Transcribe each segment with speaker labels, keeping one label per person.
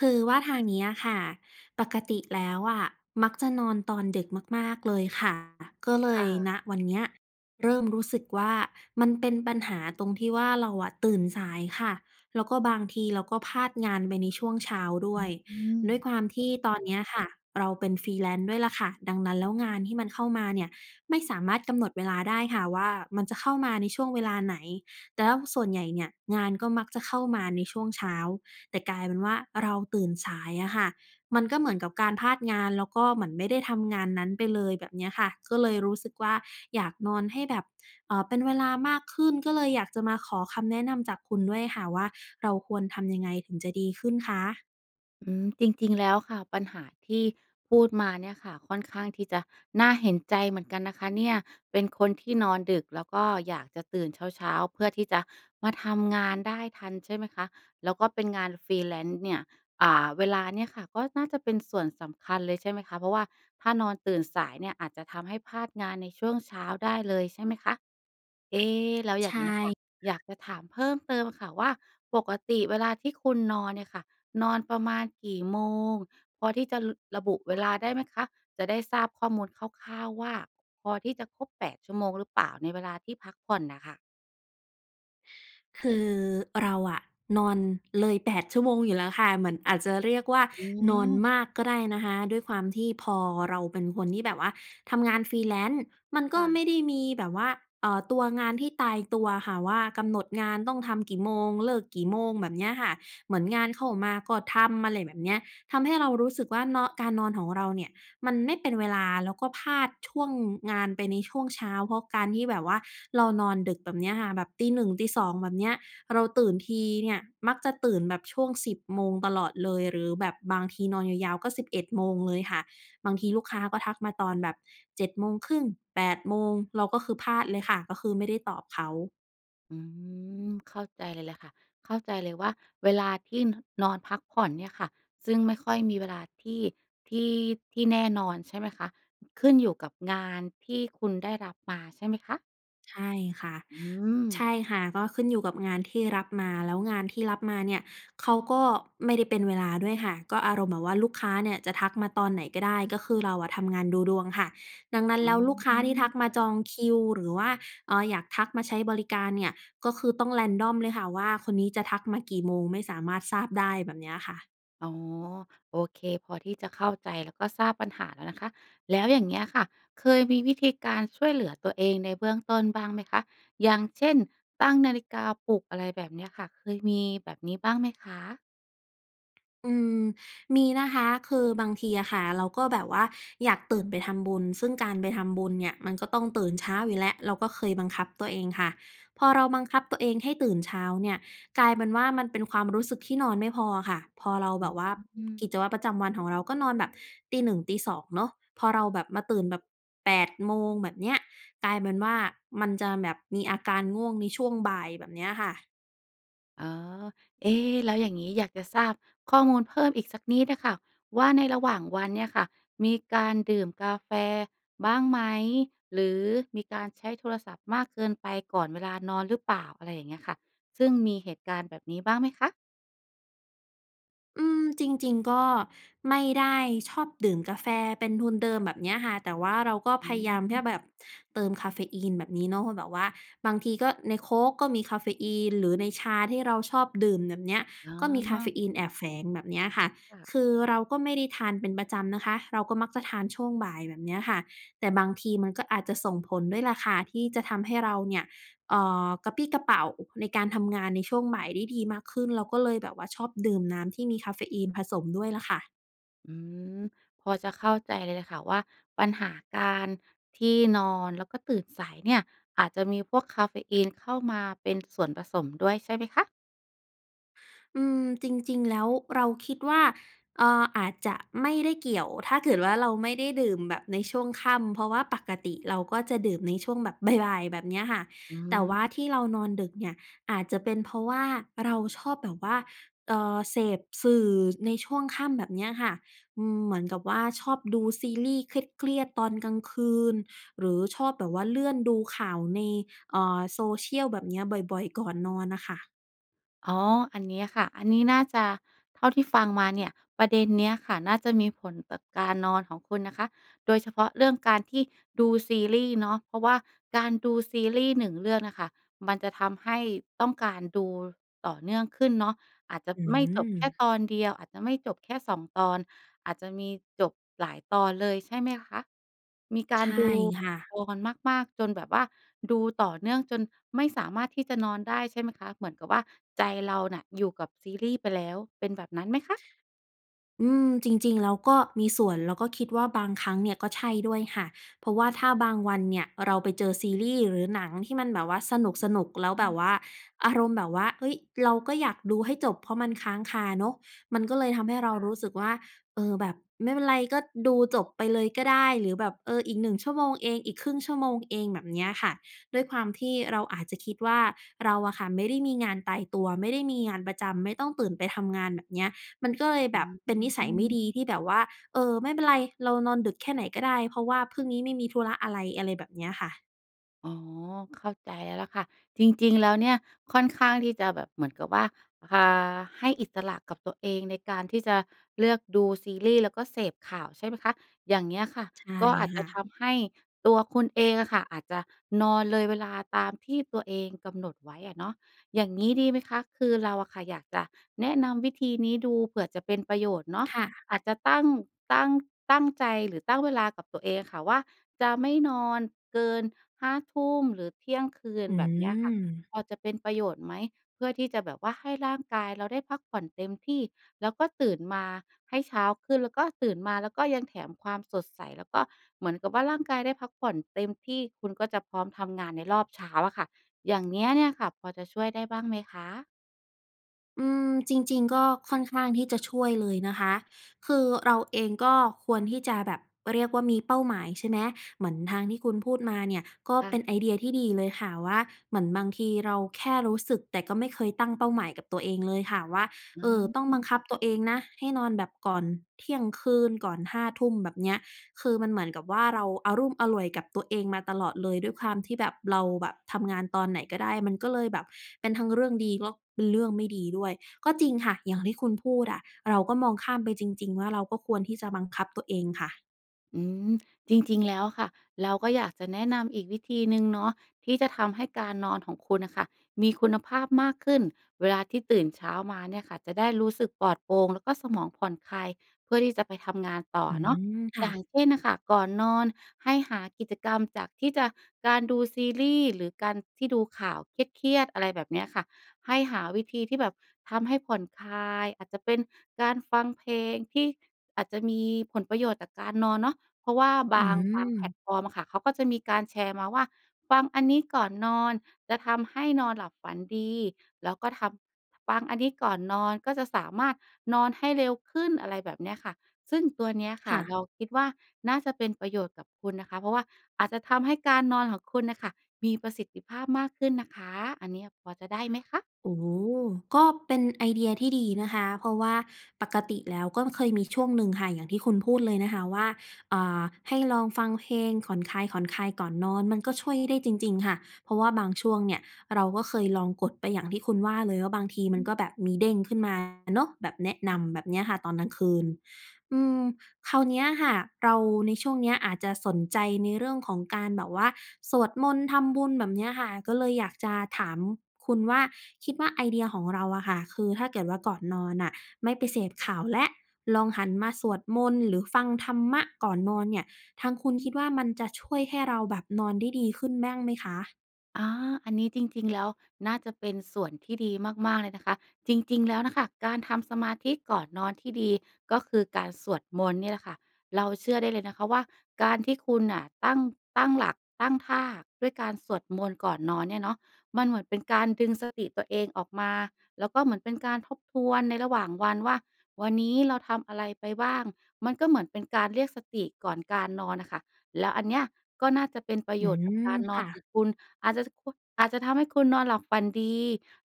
Speaker 1: คือว่าทางนี้อะค่ะ ปกติแล้วอะมักจะนอนตอนดึกมาก ๆ เลยค่ะ ก็เล
Speaker 2: ค
Speaker 1: ย
Speaker 2: ่ะ
Speaker 1: ณ วันเนี้ยเริ่มรู้สึกว่า มันเป็นปัญหาตรงที่ว่า เราอะตื่นสายค่ะ แล้วก็บางทีเราก็พลาดงานไปในช่วงเช้าด
Speaker 2: อ
Speaker 1: ้
Speaker 2: ึ
Speaker 1: วย
Speaker 2: อื
Speaker 1: ด้
Speaker 2: ม
Speaker 1: วยความที่ตอนเนี้ยค่ะ เราเป็น freelance ด้วยแหละค่ะ ดังนั้นแล้ว งานที่มันเข้ามาเนี่ยไม่สามารถกำหนดเวลาได้ค่ะว่า มันจะเข้ามาในช่วงเวลาไหน แต่แล้วส่วนใหญ่เนี่ยงานก็มักจะเข้ามาในช่วงเช้า แต่กลายเป็นว่า เราตื่นสายอะค่ะ มันก็เหมือนกับการพลาดงาน แล้วก็เหมือนไม่ได้ทำงานนั้นไปเลย แบบเนี้ยค่ะ ก็เลยรู้สึกว่า อยากนอนให้แบบ เอ่อ เป็นเวลามากขึ้น ก็เลยอยากจะมาขอคำแนะนำจากคุณด้วยค่ะว่า เราควรทำยังไงถึงจะดีขึ้นคะ?
Speaker 2: อืม จริง ๆ แล้วค่ะ ปัญหาที่พูดมาเนี่ยค่ะ ค่อนข้างที่จะน่าเห็นใจเหมือนกันนะคะเนี่ย เป็นคนที่นอนดึก แล้วก็อยากจะตื่นเช้า ๆ เพื่อที่จะมาทำงานได้ทัน ใช่ไหมคะ แล้วก็เป็นงาน freelance เนี่ย อ่า เวลาเนี่ยค่ะก็น่าจะเป็นส่วนสำคัญเลย ใช่ไหมคะ เพราะว่าถ้านอนตื่นสายเนี่ยอาจจะทำให้พลาดงานในช่วงเช้าได้เลย ใช่ไหมคะ เอ๊ แล้วอ
Speaker 1: ใ
Speaker 2: ย
Speaker 1: ช
Speaker 2: ่างเงี้ยค่ะ
Speaker 1: ่
Speaker 2: อยากจะถามเพิ่มเติมค่ะว่า ปกติเวลาที่คุณนอนเนี่ยค่ะ นอนประมาณกี่โมง พอที่จะ ล ระบุเวลาได้ไหมคะ? จะได้ทราบข้อมูลคร่าว ๆ ว่า พอที่จะครบ 8 ชั่วโมงหรือเปล่า? ในเวลาที่พักผ่อนน่ะค่ะ
Speaker 1: คือเราอะนอนเลย 8 ชั่วโมงอยู่แล้วค่ะ เหมือนอาจจะเรียกว่า
Speaker 2: อื
Speaker 1: นอน
Speaker 2: ม
Speaker 1: มากก็ได้นะคะ ด้วยความที่พอเราเป็นคนที่แบบว่าทำงาน freelance มัน
Speaker 2: ค
Speaker 1: ก็
Speaker 2: ่ะ
Speaker 1: ไม่ได้มีแบบว่า เอ่อ ตัวงานที่ตายตัวอะค่ะว่า กำหนดงานต้องทำกี่โมง เลิกกี่โมง แบบเนี้ยค่ะ เหมือนงานเข้ามาก็ทำ อะไรแบบเนี้ย ทำให้เรารู้สึกว่า นอ การนอน ของเราเนี่ย มันไม่เป็นเวลาแล้วก็พลาดช่วงงานไปในช่วงเช้า เพราะการที่แบบว่าเรานอนดึกแบบเนี้ยค่ะ แบบตี 1 ตี 2 แบบเนี้ย เราตื่นทีเนี่ย มักจะตื่นแบบช่วง 10 โมงตลอดเลย หรือแบบบางทีนอนยาว ๆ ก็ 11 โมงเลยค่ะ บางทีลูกค้าก็ทักมาตอนแบบ 7 โมงครึ่ง 8 โมง เราก็คือพลาดเลยค่ะ ก็คือไม่ได้ตอบเขา
Speaker 2: อืม เข้าใจเลยแหละค่ะ เข้าใจเลยว่า เวลาที่ น นอนพักผ่อนเนี่ยค่ะ ซึ่งไม่ค่อยมีเวลาที่ ที่ ที่แน่นอนใช่ไหมคะ? ขึ้นอยู่กับงานที่คุณได้รับมาใช่ไหมคะ?
Speaker 1: ใช่ค่ะ
Speaker 2: อื
Speaker 1: ใช
Speaker 2: ม
Speaker 1: ่ค่ะ ก็ขึ้นอยู่กับงานที่รับมา แล้วงานที่รับมาเนี่ย เขาก็ไม่ได้เป็นเวลาด้วยค่ะ ก็อารมณ์แบบว่าลูกค้าเนี่ยจะทักมาตอนไหนก็ได้ ก็คือเราอะทำงานดูดวงค่ะ ดังนั้น
Speaker 2: อื
Speaker 1: แล้วลูกค้าที่ทัก
Speaker 2: ม
Speaker 1: มาจองคิว หรือว่า เอ่อ อยากทักมาใช้บริการเนี่ย ก็คือต้อง random เลยค่ะ ว่าคนนี้จะทักมากี่โมง ไม่สามารถทราบได้ แบบเนี้ยค่ะ
Speaker 2: อ๋อ โอเค พอที่จะเข้าใจ แล้วก็ทราบปัญหาแล้วนะคะ แล้วอย่างเงี้ยค่ะ เคยมีวิธีการช่วยเหลือตัวเองในเบื้องต้นบ้างไหมคะ อย่างเช่น ตั้งนาฬิกาปลุก อะไรแบบเนี้ยค่ะ เคยมีแบบนี้บ้างไหมคะ?
Speaker 1: อืม มีนะคะ คือบางทีอะค่ะ เราก็แบบว่า อยากตื่นไปทำบุญ ซึ่งการไปทำบุญเนี่ยมันก็ต้องตื่นเช้าอยู่แล้ว เราก็เคยบังคับตัวเองค่ะ พอเราบังคับตัวเองให้ตื่นเช้าเนี่ย กลายเป็นว่ามันเป็นความรู้สึกที่นอนไม่พออะค่ะ พอเรา
Speaker 2: อ
Speaker 1: แบบว่า
Speaker 2: ื
Speaker 1: ก
Speaker 2: ม
Speaker 1: ิจวัตรประจำวันของเราก็นอนแบบตี 1 ตี 2 เนาะ พอเราแบบ มาตื่นแบบ 8 โมงแบบเนี้ย กลายเป็นว่ามันจะแบบมีอาการง่วงในช่วงบ่ายแบบเนี้ยค่ะ
Speaker 2: อ๋อ เอ๊ แล้วอย่างงี้ อยากจะทราบข้อมูลเพิ่มอีกสักนิดอะค่ะว่า ในระหว่างวันเนี่ยค่ะ มีการดื่มกาแฟบ้างไหม หรือมีการใช้โทรศัพท์มากเกินไปก่อนเวลานอนหรือเปล่า? อะไรอย่างเงี้ยค่ะ ซึ่งมีเหตุการณ์แบบนี้บ้างไหมคะ?
Speaker 1: อืม จริง ๆ ก็ไม่ได้ชอบดื่มกาแฟเป็นทุนเดิมแบบเนี้ยค่ะ แต่ว่าเราก็
Speaker 2: อ
Speaker 1: พ
Speaker 2: ื
Speaker 1: ยายามแค่
Speaker 2: ม
Speaker 1: แบบเติมกาเฟอีนแบบนี้เนาะ แบบว่า บางทีก็ในโค้กก็มีกาเฟอีนหรือในชาที่เราชอบดื่มแหนบเนี้ย
Speaker 2: อ๋
Speaker 1: ก็มีกาเฟ
Speaker 2: อ
Speaker 1: อีนแอบแฝงแบบเนี้ยค่ะ
Speaker 2: ค่
Speaker 1: ค
Speaker 2: ะ
Speaker 1: ือเราก็ไม่ได้ทานเป็นประจำนะคะ เราก็มักจะทานช่วงบ่ายแบบเนี้ยค่ะ แต่บางทีมันก็อาจจะส่งผลด้วยล่ะค่ะที่จะทำให้เราเนี่ย เอ่อ กระปรี้กระเปร่าในการทำงานในช่วงบ่ายได้ดีมากขึ้น เราก็เลยแบบว่าชอบดื่มน้ำที่มีกาเฟอีนผสมด้วยล่ะค่ะ
Speaker 2: อืม พอจะเข้าใจเลยล่ะค่ะว่า ปัญหาการที่นอน แล้วก็ตื่นสายเนี่ย อาจจะมีพวกกาเฟอีนเข้ามาเป็นส่วนผสมด้วย ใช่ไหมคะ?
Speaker 1: อืม จริง ๆ แล้วเราคิดว่า เอ่อ อาจจะไม่ได้เกี่ยว ถ้าเกิดว่าเราไม่ได้ดื่มแบบในช่วงค่ำ เพราะว่าปกติเราก็จะดื่มในช่วงแบบ บ่าย ๆ แบบเนี้ยค่ะ
Speaker 2: อื
Speaker 1: แต่ว่า
Speaker 2: ม
Speaker 1: ที่เรานอนดึกเนี่ย อาจจะเป็นเพราะว่าเราชอบแบบว่า เอ่อ เสพสื่อในช่วงค่ำแบบเนี้ยค่ะ อืม เหมือนกับว่าชอบดูซีรีส์เครียด ๆ ตอนกลางคืน หรือชอบแบบว่าเลื่อนดูข่าวใน เอ่อ social แบบเนี้ย บ่อย ๆ ก่อนนอนน่ะค่ะ
Speaker 2: อ๋อ อันเนี้ยค่ะ อันนี้น่าจะ เท่าที่ฟังมาเนี่ย ประเด็นเนี้ยค่ะน่าจะมีผลต่อการนอนของคุณนะคะ โดยเฉพาะเรื่องการที่ดูซีรีส์เนาะ เพราะว่าการดูซีรีส์ 1 เรื่องน่ะค่ะ มันจะทำให้ต้องการดูต่อเนื่องขึ้นเนาะ อาจจะ
Speaker 1: อื
Speaker 2: ไม่จบแค่
Speaker 1: ม
Speaker 2: ตอนเดียว อาจจะไม่จบแค่ 2 ตอน อาจจะมีจบหลายตอนเลย ใช่ไหมคะ? มีก
Speaker 1: ใ
Speaker 2: า
Speaker 1: ช
Speaker 2: ร
Speaker 1: ่
Speaker 2: ดู
Speaker 1: ค่ะ
Speaker 2: [unintelligible] วอนมาก ๆ จนแบบว่า ดูต่อเนื่องจนไม่สามารถที่จะนอนได้ใช่ไหมคะ? เหมือนกับว่าใจเราน่ะอยู่กับซีรีส์ไปแล้ว เป็นแบบนั้นไหมคะ?
Speaker 1: อืม จริง ๆ แล้วก็มีส่วน แล้วก็คิดว่า บางครั้งเนี่ยก็ใช่ด้วยค่ะ เพราะว่าถ้าบางวันเนี่ย เราไปเจอซีรีส์ หรือหนังที่มันแบบว่าสนุก ๆ แล้ว
Speaker 2: อื
Speaker 1: แบบ
Speaker 2: ม
Speaker 1: ว่าอารมณ์แบบว่า เฮ้ย เราก็อยากดูให้จบ เพราะมันค้างคาเนาะ มันก็เลยทำให้เรา
Speaker 2: ค่
Speaker 1: ร
Speaker 2: ะ
Speaker 1: ู้สึกว่า เออ แบบไม่เป็นไร ก็ดูจบไปเลยก็ได้ หรือแบบ เออ อีก 1 ชั่วโมงเอง อีก 1/2 ชั่วโมงเอง แบบเนี้ยค่ะ ด้วยความที่เราอาจจะคิดว่า เราอะค่ะไม่ได้มีงานตายตัว ไม่ได้มีงานประจำ ไม่ต้องตื่นไปทำงาน แบบเนี้ย มันก็เลย
Speaker 2: อ
Speaker 1: แบ
Speaker 2: ื
Speaker 1: บเป็นนิสัยไม่
Speaker 2: อ
Speaker 1: ดีที่แบบว่า เออ ไม่เป็นไร เรานอนดึกแค่ไหนก็ได้ เพราะว่าพึ่งนี้ไม่มีธุระอะไร อะไรแบบเนี้ยค่ะ
Speaker 2: อ๋อ เข้าใจแล้วล่ะค่ะ จริง ๆ แล้วเนี่ยค่อนข้างที่จะแบบ เหมือนกับว่า อ่า ให้อิสระกับตัวเองในการที่จะเลือกดูซีรี่ส์ แล้วก็เสพข่าวใช่ไหมคะ อย่างเงี้ยค่ะ
Speaker 1: ใช่
Speaker 2: ก็อาจจ
Speaker 1: ค่
Speaker 2: ะ
Speaker 1: ะ
Speaker 2: ทำให้ตัวคุณเองอะค่ะ อาจจะนอนเลยเวลาตามที่ตัวเองกำหนดไว้อะเนาะ อย่างงี้ดีไหมคะ? คือเราอะค่ะอยากจะแนะนำวิธีนี้ดู เผื่อจะเป็นประโยชน์เนาะ
Speaker 1: ค่ะ
Speaker 2: อาจจะตั้ง ตั้ง ตั้งใจหรือตั้งเวลากับตัวเองอะค่ะว่าจะไม่นอนเกิน 5 ทุ่มหรือเที่ยงคืน
Speaker 1: อื
Speaker 2: แบบเนี้ยค่ะ
Speaker 1: ม
Speaker 2: พอจะเป็นประโยชน์ไหม? เพื่อที่จะแบบว่าให้ร่างกายเราได้พักผ่อนเต็มที่ แล้วก็ตื่นมาให้เช้าขึ้น แล้วก็ตื่นมาแล้วก็ยังแถมความสดใส แล้วก็เหมือนกับว่าร่างกายได้พักผ่อนเต็มที่ คุณก็จะพร้อมทำงานในรอบเช้าอะค่ะ อย่างเนี้ยเนี่ยค่ะ พอจะช่วยได้บ้างไหมคะ?
Speaker 1: อืม จริง ๆ ก็ค่อนข้างที่จะช่วยเลยนะคะ คือเราเองก็ควรที่จะแบบ เรียกว่ามีเป้าหมาย ใช่ไหม เหมือนทางที่คุณพูดมาเนี่ยก็
Speaker 2: ค่
Speaker 1: เ
Speaker 2: ะ
Speaker 1: ป็นไอเดียที่ดีเลยค่ะว่า เหมือนบางทีเราแค่รู้สึก แต่ก็ไม่เคยตั้งเป้าหมายกับตัวเองเลยค่ะว่า
Speaker 2: อ
Speaker 1: เอ่อ
Speaker 2: ื
Speaker 1: ต้องบัง
Speaker 2: ม
Speaker 1: คับตัวเองนะให้นอนแบบก่อนเที่ยงคืน ก่อน 5 ทุ่ม แบบเนี้ย คือมันเหมือนกับว่า เราอะลุ่มอล่วย กับตัวเองมาตลอดเลย ด้วยความที่แบบ เราแบบทำงานตอนไหนก็ได้ มันก็เลยแบบเป็นทั้งเรื่องดี ก๊อก เป็นเรื่องไม่ดีด้วย ก็จริงค่ะ อย่างที่คุณพูดอะ เราก็มองข้ามไปจริง ๆ ว่า เราก็ควรที่จะบังคับตัวเองค่ะ
Speaker 2: อืม จริง ๆ แล้วอะค่ะ เราก็อยากจะแนะนำอีกวิธีหนึ่งเนาะ ที่จะทำให้การนอนของคุณน่ะค่ะมีคุณภาพมากขึ้น เวลาที่ตื่นเช้ามาเนี่ยค่ะจะได้รู้สึกปลอดโปร่ง แล้วก็สมองผ่อนคลาย เพื่อที่จะไปทำงานต่อ
Speaker 1: อื
Speaker 2: เนาะ
Speaker 1: ม ค่
Speaker 2: อย่า
Speaker 1: ะ
Speaker 2: งเช่นน่ะค่ะ ก่อนนอนให้หากิจกรรมจากที่จะ การดูซีรีส์หรือการที่ดูข่าวเครียด ๆ อะไรแบบเนี้ยค่ะ ให้หาวิธีที่แบบทำให้ผ่อนคลาย อาจจะเป็นการฟังเพลงที่อาจจะมีผลประโยชน์จากการนอนเนาะ เพราะว่า
Speaker 1: อ
Speaker 2: บ
Speaker 1: ื
Speaker 2: าง บางแพล
Speaker 1: ม
Speaker 2: ตฟอร์มอะค่ะ เขาก็จะมีการแชร์มาว่า ฟังอันนี้ก่อนนอนจะทำให้นอนหลับฝันดี แล้วก็ทำ ฟังอันนี้ก่อนนอนก็จะสามารถนอนให้เร็วขึ้น อะไรแบบเนี้ยค่ะ ซึ่งตัวเนี้ยค
Speaker 1: ค
Speaker 2: ่ะ
Speaker 1: ่
Speaker 2: เ
Speaker 1: ะ
Speaker 2: ราคิดว่า น่าจะเป็นประโยชน์กับคุณนะคะ เพราะว่าอาจจะทำให้การนอนของคุณน่ะค่ะ มีประสิทธิภาพมากขึ้นนะคะ อันเนี้ยพอจะได้ไหมคะ?
Speaker 1: โอ้โฮ ก็เป็นไอเดียที่ดีนะคะ เพราะว่าปกติแล้วก็เคยมีช่วงหนึ่งค่ะ อย่างที่คุณพูดเลยนะคะว่า อ่า ให้ลองฟังเพลงผ่อนคลาย ๆ ก่อนนอน มันก็ช่วยได้จริง ๆ ค่ะ เพราะว่าบางช่วงเนี่ยเราก็เคยลองกดไปอย่างที่คุณว่าเลย ว่าบางทีม
Speaker 2: อ
Speaker 1: ัน
Speaker 2: ือ
Speaker 1: ก็แบบมีเด้งขึ้นมาเนาะ แบบแนะน
Speaker 2: ค่ะ
Speaker 1: ำแบบเนี้ยค่ะ ตอนกลางคืน อืม คราวเนี้ยค่ะ เราในช่วงเนี้ยอาจจะสนใจในเรื่องของการแบบว่า สวดมนต์ ทำบุญ แบบเนี้ยค่ะ ก็เลยอยากจะถามคุณว่า คิดว่าไอเดียของเราอะค่ะ คือถ้าเกิดว่า ก่อนนอนน่ะไม่ไปเสพข่าวแล้ว ลองหันมาสวดมนต์ หรือฟังธรรมะก่อนนอนเนี่ย ทางคุณคิดว่า มันจะช่วยให้เราแบบนอนได้ดีขึ้นบ้าง ไหมคะ?
Speaker 2: อา อันนี้จริง ๆ แล้วน่าจะเป็นส่วนที่ดีมาก ๆ เลยนะคะ จริง ๆ แล้วน่ะค่ะ การทำสมาธิก่อนนอนที่ดี ก็คือการสวดมนต์นี่แหละค่ะ เราเชื่อได้เลยนะคะว่าการที่คุณน่ะตั้ง ตั้งหลัก ตั้งท่าด้วยการสวดมนต์ก่อนนอนเนี่ยเนาะ มันเหมือนเป็นการดึงสติตัวเองออกมา แล้วก็เหมือนเป็นการทบทวนในระหว่างวันว่า วันนี้เราทำอะไรไปบ้าง มันก็เหมือนเป็นการเรียกสติก่อนการนอนน่ะค่ะ แล้วอันเนี้ยก็น่าจะเป็นประ
Speaker 1: อื
Speaker 2: โยชน์กับ
Speaker 1: ม
Speaker 2: การน
Speaker 1: ค
Speaker 2: อ
Speaker 1: ่
Speaker 2: นข
Speaker 1: ะ
Speaker 2: องคุณ อาจจะ จ ค อาจจะทำให้คุณนอนหลับฝันดี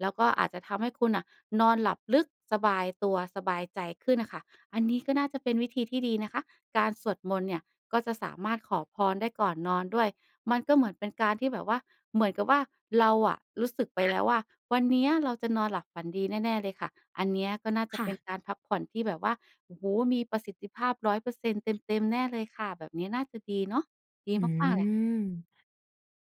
Speaker 2: แล้วก็อาจจะทำให้คุณอะนอนหลับลึก สบายตัว สบายใจขึ้นอะค่ะ อันนี้ก็น่าจะเป็นวิธีที่ดีนะคะ การสวดมนต์เนี่ย ก็จะสามารถขอพรได้ก่อนนอนด้วย มันก็เหมือนเป็นการที่แบบว่า เหมือนกับว่าเราอะรู้สึกไป แล้วว่า วันเนี้ยเราจะนอนหลับฝันดีแน่ ๆ เลยค่ะ อันเนี้ยก็น่าจ
Speaker 1: ค
Speaker 2: ะ
Speaker 1: ่
Speaker 2: เป็
Speaker 1: ะ
Speaker 2: นการพักผ่อนที่แบบว่า โอ้โฮ มีประสิทธิภาพ 100% เต็ม ๆ แน่เลยค่ะ แบบนี้น่าจะดีเนาะ ดี
Speaker 1: อื
Speaker 2: มาก ๆ แหละ
Speaker 1: ม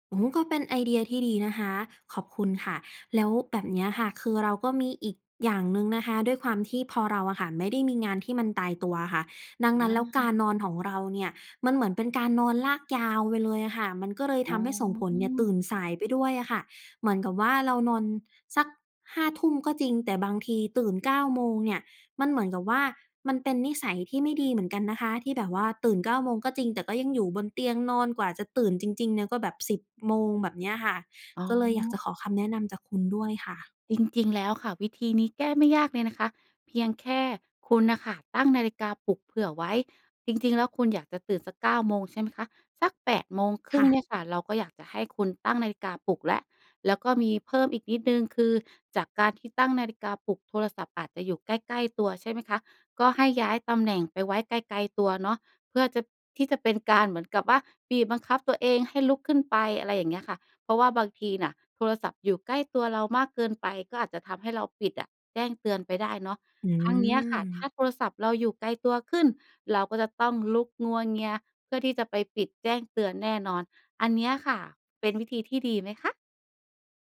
Speaker 1: โอ้ ก็เป็นไอเดียที่ดีนะคะ ขอบคุณค่ะ แล้วแบบเนี้ยค่ะ คือเราก็มีอีกอย่างหนึ่งนะคะ ด้วยความที่พอเราอะค่ะไม่ได้มีงานที่มันตายตัวอะค่ะ ดัง
Speaker 2: อ
Speaker 1: นั้นแล้วกา
Speaker 2: า
Speaker 1: รนอนของเราเนี่ย มันเหมือนเป็นการนอนลากยาวไปเลยอะค่ะ มันก็เลย
Speaker 2: อ
Speaker 1: ท
Speaker 2: ๋
Speaker 1: ำให้ส่งผลเนี่ยตื
Speaker 2: อ
Speaker 1: ่นสายไปด้วยอะค่ะ เหมือนกับว่าเรานอนสัก 5 ทุ่มก็จริง แต่บางทีตื่น 9 โมงเนี่ย มันเหมือนกับว่า มันเป็นนิสัยที่ไม่ดีเหมือนกันนะคะ ที่แบบว่าตื่น 9 โมงก็จริง แต่ก็ยังอยู่บนเตียงนอน กว่าจะตื่นจริง ๆ เนี่ย ก็แบบ 10 โมง แบบเนี้ยค่ะ
Speaker 2: อ๋อ
Speaker 1: ก็เลยอยากจะขอคำแนะนำจากคุณด้วยค่ะ
Speaker 2: จริง ๆ แล้วค่ะ วิธีนี้แก้ไม่ ยากเลยนะคะ เพียงแค่คุณน่ะค่ะตั้งนาฬิกาปลุกเผื่อไว้ จริง ๆ แล้วคุณอยากจะตื่นสัก 9 โมง ใช่ไหมคะ สัก 8 โมงคร
Speaker 1: ค
Speaker 2: ึ่
Speaker 1: ่
Speaker 2: งเนี
Speaker 1: ะ
Speaker 2: ่ยค่ะ เราก็อยากจะให้คุณตั้งนาฬิกาปลุกแล้ว แล้วก็มีเพิ่มอีกนิดหนึ่ง คือจากการที่ตั้งนาฬิกาปลุก โทรศัพท์อาจจะอยู่ใกล้ ๆ ตัวใช่ไหมคะ ก็ให้ย้ายตำแหน่งไปไว้ไกล ๆ ตัวเนาะ เพื่อจะ ที่จะเป็นการเหมือนกับว่าบีบบังคับตัวเองให้ลุกขึ้นไป อะไรอย่างเงี้ยค่ะ เพราะว่าบางทีน่ะโทรศัพท์อยู่ใกล้ตัวเรามากเกินไป ก็อาจจะทำให้เราปิดอะแจ้งเตือนไปได้เนาะ
Speaker 1: อื
Speaker 2: ทั้งเนี้ยค่ะ ถ้า
Speaker 1: ม
Speaker 2: โทรศัพท์เราอยู่ไกลตัวขึ้น เราก็จะต้องลุกงัวเงียเพื่อที่จะไปปิดแจ้งเตือนแน่นอน อันเนี้ยค่ะ เป็นวิธีที่ดีไหมคะ?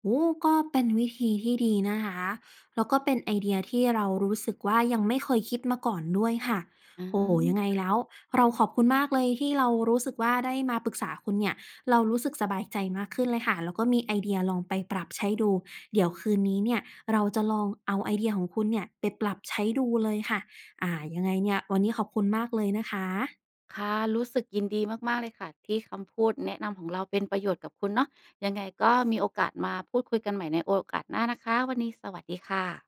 Speaker 1: โอ้ ก็เป็นวิธีที่ดีนะคะ แล้วก็เป็นไอเดียที่เรารู้สึกว่ายังไม่เคยคิดมาก่อนด้วยค่ะ
Speaker 2: อ๋อ
Speaker 1: โอ้โฮ ยังไง
Speaker 2: ค่ะ
Speaker 1: แล้วเราขอบคุณมากเลย ที่เรารู้สึกว่าได้มาปรึกษาคุณเนี่ย เรารู้สึกสบายใจมากขึ้นเลยค่ะ แล้วก็มีไอเดียลองไปปรับใช้ดู เดี๋ยวคืนนี้เนี่ยเราจะลองเอาไอเดียของคุณเนี่ยไปปรับใช้ดูเลยค่ะ อ่า ยังไงเนี่ย วันนี้ขอบคุณมากเลยนะคะ
Speaker 2: ค่ะ รู้สึกยินดีมาก ๆ เลยค่ะ ที่คำพูดแนะนำของเราเป็นประโยชน์กับคุณเนาะ ยังไงก็มีโอกาสมาพูดคุยกันใหม่ในโอกาสหน้านะคะ วันนี้สวัสดีค่ะ